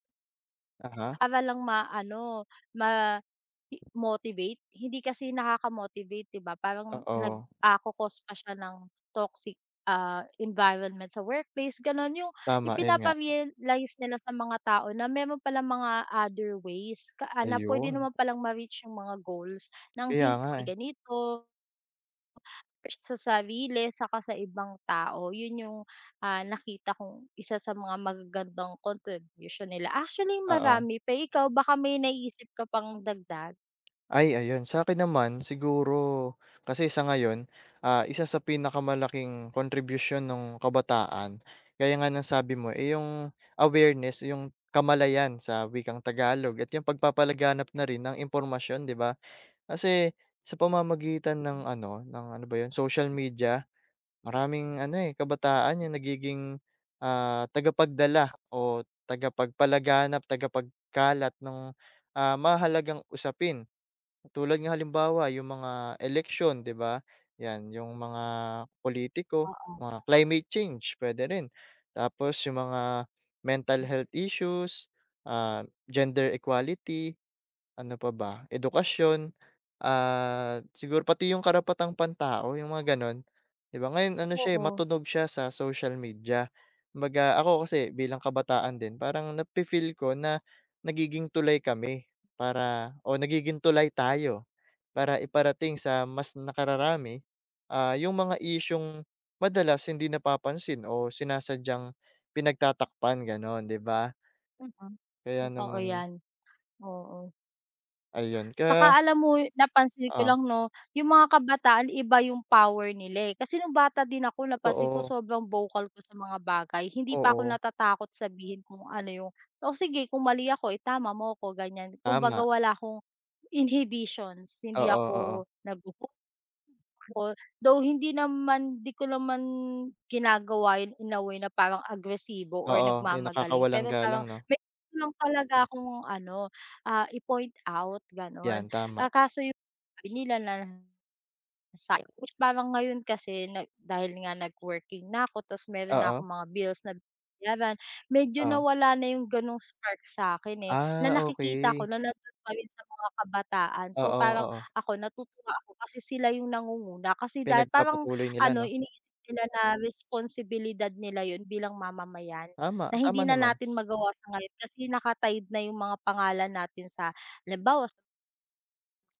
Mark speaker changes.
Speaker 1: Aha.
Speaker 2: Para lang ma-ano, ma i motivate, hindi kasi nakaka-motivate 'di ba? Parang nag,
Speaker 1: Oo.
Speaker 2: ah, ko-cause pa siya ng toxic, ah, environment sa workplace gano'n, 'yong
Speaker 1: Tama, 'yon nga.
Speaker 2: ipinapa-realize nila sa mga tao na mayro'n palang mga other ways ka na, ah, puwede
Speaker 1: Ayon.
Speaker 2: naman palang ma-reach 'yong mga goals ng
Speaker 1: Kaya
Speaker 2: hindi
Speaker 1: nga, eh.
Speaker 2: ganito sa sarili saka sa ibang tao. 'Yon, 'yong, ah, nakita kong 1 sa mga magagandang contribution nila. Actually,
Speaker 1: Oo.
Speaker 2: marami pa, eh, ikaw baka may naiisip ka pang dagdag?
Speaker 1: Ay ayon. Sakin naman, siguro, kasi sa ngayon, ah, 1 sa pinakamalaking contribution no'ng kabataan, gaya nga ng sabi mo, eh 'yong awareness, 'yong kamalayan sa wikang Tagalog at 'yong pagpapalaganap na rin ng impormasyon 'di ba. Kasi, sa pamamagitan
Speaker 2: Hmm.
Speaker 1: ng ano ng, ano ba 'yon? Social media, maraming ano, eh, kabataan 'yong nagiging, ah, tagapagdala o tagapagpalaganap, tagapagkalat nung, ah, mahahalagang usapin. Katulad nga halimbawa 'yong mga eleksyon 'di ba, 'yan, 'yong mga politiko,
Speaker 2: Oo.
Speaker 1: mga climate change, puwede rin. Tapos 'yong mga mental health issues, ah, gender equality, ano pa ba? Edukasyon, ah, siguro pati 'yong karapatang pantao, 'yong mga gano'n. 'Di ba, ngayon ano siya eh,
Speaker 2: Oo.
Speaker 1: matunog siya sa social media. Kumbaga, ako kasi bilang kabataan din, parang na-fe-feel ko na, nagiging tulay kami para o nagiging tulay tayo, para iparating sa mas nakararami, ah, 'yong mga isyung madalas hindi napapansin o sinasadyang pinagtatakpan gano'n, 'di ba?
Speaker 2: Mm,
Speaker 1: Kaya
Speaker 2: totoo
Speaker 1: naman
Speaker 2: 'yan. Oo.
Speaker 1: Ayon, kaya
Speaker 2: 'Saka alam mo, napansin ko
Speaker 1: Oh?
Speaker 2: lang 'no, 'yong mga kabataan iba 'yong power nila, eh. Kasi no'ng bata din ako, napansin ko,
Speaker 1: Totoo.
Speaker 2: sobrang vocal ko sa mga bagay, hindi pa ako
Speaker 1: Oo.
Speaker 2: natatakot sabihin kung ano 'yong o sige, kung mali ako, itama mo ako, ganyan. Kumbaga,
Speaker 1: Tama.
Speaker 2: wala akong inhibitions. Hindi
Speaker 1: Oo, oo.
Speaker 2: ako [unintelligible] though hindi naman 'di ko naman, ginagawa 'yon in a way na parang agresibo or
Speaker 1: Oo. Eh,
Speaker 2: nagmamagaling
Speaker 1: nakakawalang
Speaker 2: pero parang
Speaker 1: galang 'no?
Speaker 2: mayro'n lang talaga akong ano, ah, i-point out gano'n.
Speaker 1: 'Yan, tama.
Speaker 2: Ah, kaso 'yong sabi nila na [unintelligible] Parang ngayon kasi na dahil nga nag-working na ako tapos mayro'n na
Speaker 1: Oo.
Speaker 2: akong mga bills na binabayaran, medyo
Speaker 1: Oh?
Speaker 2: nawala na 'yong gano'ng spark sa'kin, eh, na
Speaker 1: Ah,
Speaker 2: nakikita ko
Speaker 1: okey.
Speaker 2: na nando'n pa rin sa mga kabataan. So,
Speaker 1: Oo,
Speaker 2: parang
Speaker 1: oo.
Speaker 2: ako, natutuwa ako kasi sila 'yong nangunguna kasi da parang
Speaker 1: Pinagpapatuloy nila
Speaker 2: ano,
Speaker 1: 'no.
Speaker 2: iniisip nila na responsibilidad nila 'yon bilang mamamayan,
Speaker 1: Tama,
Speaker 2: na hindi
Speaker 1: tama
Speaker 2: na
Speaker 1: naman.
Speaker 2: natin magawa sa ngayon kasi naka-tied na 'yong mga pangalan natin sa halimbawa sa